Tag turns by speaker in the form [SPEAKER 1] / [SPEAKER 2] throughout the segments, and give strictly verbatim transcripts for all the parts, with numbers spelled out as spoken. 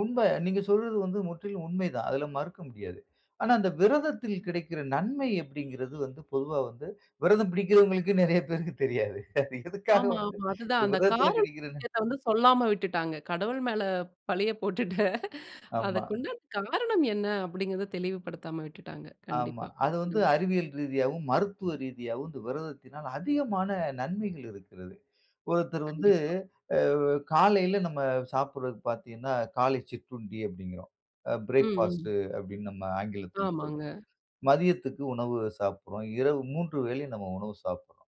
[SPEAKER 1] உண்ம. நீங்க சொல்வது வந்து முற்றிலும் உண்மை தான். அதில மறுக்க முடியாது. ஆனா, அந்த விரதத்தில் கிடைக்கிற நன்மை அப்படி என்பது வந்து பொதுவா வந்து விரதம் பிடிக்கிறவங்களுக்கு நெறைய பேருக்கு தெரியாது. அது எதற்காக
[SPEAKER 2] ஆமா,
[SPEAKER 1] வந்து
[SPEAKER 2] ஆமா. அதுதான் அந்த
[SPEAKER 1] விரதத்தில
[SPEAKER 2] காரணம்
[SPEAKER 1] கிடைக்கிறது
[SPEAKER 2] விஷயத்த வந்து சொல்லாம விட்டுட்டாங்க. கடவுள் மேல பழிய போட்டுட்டு அத
[SPEAKER 1] ஆமா.
[SPEAKER 2] கொண்ட காரணம் என்ன அப்படிங்கிறத தெளிவுபடுத்தாம விட்டுட்டாங்க.
[SPEAKER 1] ஆமா.
[SPEAKER 2] கண்டிப்பா.
[SPEAKER 1] அது வந்து
[SPEAKER 2] ம்.
[SPEAKER 1] அறிவியல் ரீதியாவும் ,மருத்துவ ரீதியாவும் இந்த விரதத்தினால் அதிகமான நன்மைகள் இருக்கிறது. ஒருத்தர் வந்து
[SPEAKER 2] கண்டிப்பா.
[SPEAKER 1] அ காலையில நாம சாப்பிடுவது பாத்தீங்கன்னா, காலை சிற்றுண்டி அப்டீங்குறோம்.
[SPEAKER 2] ம்.
[SPEAKER 1] பிரேக்ஃபாஸ்ட்
[SPEAKER 2] ம்.
[SPEAKER 1] அப்படின்னு நம்ம ஆங்கிலத்தில
[SPEAKER 2] ஆமாங்க.
[SPEAKER 1] சொல்றோம். மதியத்திற்கு உணவு சாப்பிடுகிறோம் இரவு மூன்று வேளை நாம் உணவு சாப்பிடுறோம்.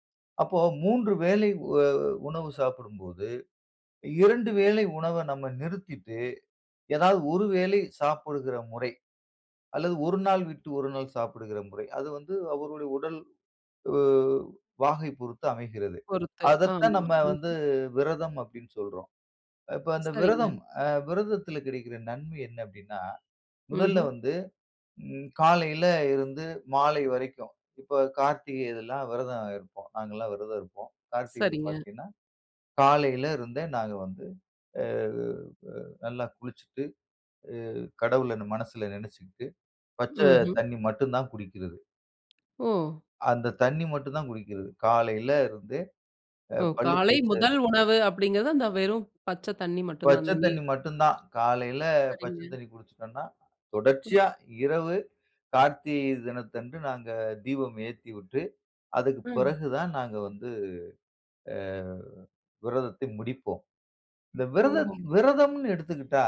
[SPEAKER 1] அப்போ மூன்று வேளை உ உணவு சாப்பிடும்போது, இரண்டு வேளை உணவ நாம் நிறுத்திட்டு ஏதாவது ஒரு வேளை சாப்பிடுகிற முறை. அல்லது ஒரு நாள் விட்டு ஒரு நாள் சாப்பிடுகிற முறை அது வந்து அவருடைய உடல் வாகை பொறுத்து அமைகிறது.
[SPEAKER 2] பொறுத்து
[SPEAKER 1] அத தான்
[SPEAKER 2] ஆமா.
[SPEAKER 1] நாம் வந்து
[SPEAKER 2] ம்ஹ்ம்.
[SPEAKER 1] விரதம் அப்டின்னு சொல்றோம். இப்போ அந்த
[SPEAKER 2] சரிங்க.
[SPEAKER 1] விரதம் விரதத்தில கிடைக்கின்ற நன்மை என்ன அப்டின்னா, முதல்ல
[SPEAKER 2] ம்ஹ்ம்.
[SPEAKER 1] வந்து காலையில ம் இருந்து மாலை வரைக்கும் இப்போ கார்த்திகை இதெல்லாம் விரதம் இருப்போம். நாங்க எல்லாம் விரதம் இருப்போம். கார்த்திகை
[SPEAKER 2] சரிங்க.
[SPEAKER 1] பாத்தீங்கன்னா, காலையில இருந்தே நாங்க வந்து அ உ நல்லா குளிச்சிட்டு உ கடவுள மனசுல நெனைச்சிட்டு பச்ச
[SPEAKER 2] ம்ஹ்ம்.
[SPEAKER 1] தண்ணீ மட்டும் தான் குடிக்கிறது.
[SPEAKER 2] ஓ!
[SPEAKER 1] அந்த தண்ணி மட்டும் தான் குடிக்கிறது காலையில இருந்து அ
[SPEAKER 2] ஓ!
[SPEAKER 1] பல்லு
[SPEAKER 2] காலை
[SPEAKER 1] தேய்ச்ச
[SPEAKER 2] முதல் உணவு அப்படிங்கிறது அந்த வெறும் பச்ச தண்ணி மட்டும் தான்.
[SPEAKER 1] பச்ச
[SPEAKER 2] அந்த நீர்.
[SPEAKER 1] தண்ணீ மட்டும் தான். காலையில பச்ச
[SPEAKER 2] சரிங்க.
[SPEAKER 1] தண்ணீ குடிச்சுட்டோம்ன்னா, தொடர்ச்சியா
[SPEAKER 2] ம்.
[SPEAKER 1] இரவு கார்த்திகை தினத்தன்று நாங்க தீபம் ஏற்றிவிட்டு அதற்கு
[SPEAKER 2] ம்.
[SPEAKER 1] பிறகு தான் நாங்க வந்து அ விரதத்த முடிப்போம். இந்த விரதம்,
[SPEAKER 2] ஓஹோ!
[SPEAKER 1] விரதம்னு எடுத்துக்கிட்டா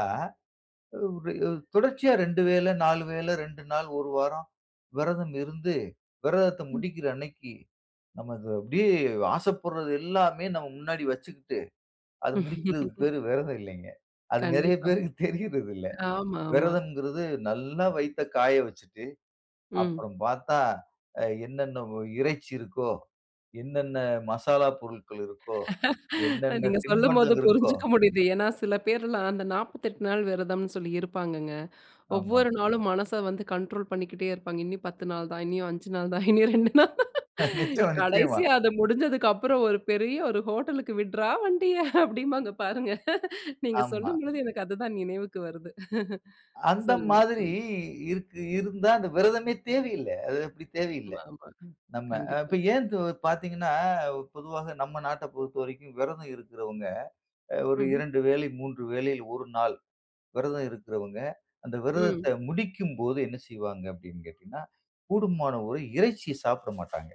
[SPEAKER 1] தொடர்ச்சியா இரண்டு வேள, நாலு வேள ரெண்டு நாள் ஒரு வாரம் விரதம் இருந்து விரதத்த
[SPEAKER 2] ம்.
[SPEAKER 1] முடிக்கிற அன்னைக்கு நாம் அப்படியே ஆசைப்படுறது எல்லாமே நாம் முன்னாடி வச்சுக்கிட்டு அது முடிக்கரதற்கு பெயர் விரதம் இல்ல. அது நெறைய
[SPEAKER 2] கண்டிப்பா.
[SPEAKER 1] பேருக்கு தெரியரதில்ல.
[SPEAKER 2] ஆமா, ஆமா.
[SPEAKER 1] விரதம்ங்குறது நல்ல வயித்த காய வச்சிட்டு
[SPEAKER 2] ம்.
[SPEAKER 1] அப்புறம் பாத்தா, என்னென்ன இறைச்சி இருக்கோ, என்னென்ன மசாலா பொருட்கள் இருக்கோ, என்னென்ன
[SPEAKER 2] நீங்க சொல்லும்போது
[SPEAKER 1] தின்பண்டம் இருக்கோ
[SPEAKER 2] புரிஞ்சுக்க முடியுது. ஏன்னா சில பேர்லாம் அந்த நாபத்தி எட்டு நாள் விரதம்னு சொல்லி இருப்பாங்கங்க.
[SPEAKER 1] ஆமா.
[SPEAKER 2] ஒவ்வொரு நாளும் மனச வந்து கண்ட்ரோல் பண்ணிக்கிட்டே இருப்பாங்க. இன்னும் பத்து நாள் தான் இன்னியும் அஞ்சு நாள் தான் இனி ரெண்டு நாள் தான்.
[SPEAKER 1] நிச்சயம், நிச்சயமா.
[SPEAKER 2] கடைசியா அத முடிஞ்சதுக்கு அப்புறம் ஒரு பெரிய ஒரு ஹோட்டலுக்கு விட்ரா வண்டிய, அப்படிம்பாங்க பாருங்க நீங்க
[SPEAKER 1] ஆமா.
[SPEAKER 2] சொல்லும்பொழுது எனக்கு அதுதான் நினைவுக்கு வருது.
[SPEAKER 1] அந்த
[SPEAKER 2] சொல்லுங்க
[SPEAKER 1] மாதிரி
[SPEAKER 2] சொல்லுங்க.
[SPEAKER 1] இருக்கு, இருந்தா அந்த விரதமே தேவயில்ல. அது அப்டி தேவயில்ல.
[SPEAKER 2] ஆமா, ஆமா.
[SPEAKER 1] நம்ப இப்ப
[SPEAKER 2] கண்டிப்பா.
[SPEAKER 1] ஏன்னு பாத்தீங்கன்னா, பொதுவா நம்ம நாட்ட பொறுத்தவரைக்கும் விரதம் இருக்குறவங்க ஒரு
[SPEAKER 2] ம்ஹ்ம்.
[SPEAKER 1] இரண்டு வேளை, மூன்று வேளையில ஒரு நாள் விரதம் இருக்கிறவங்க அந்த விரதத்த
[SPEAKER 2] ம்.
[SPEAKER 1] முடிக்கும்போது என்ன செய்வாங்க அப்படின்னு கேட்டீங்கன்னா, கூடுமான ஒரு இறைச்சி சாப்பிட மாட்டாங்க.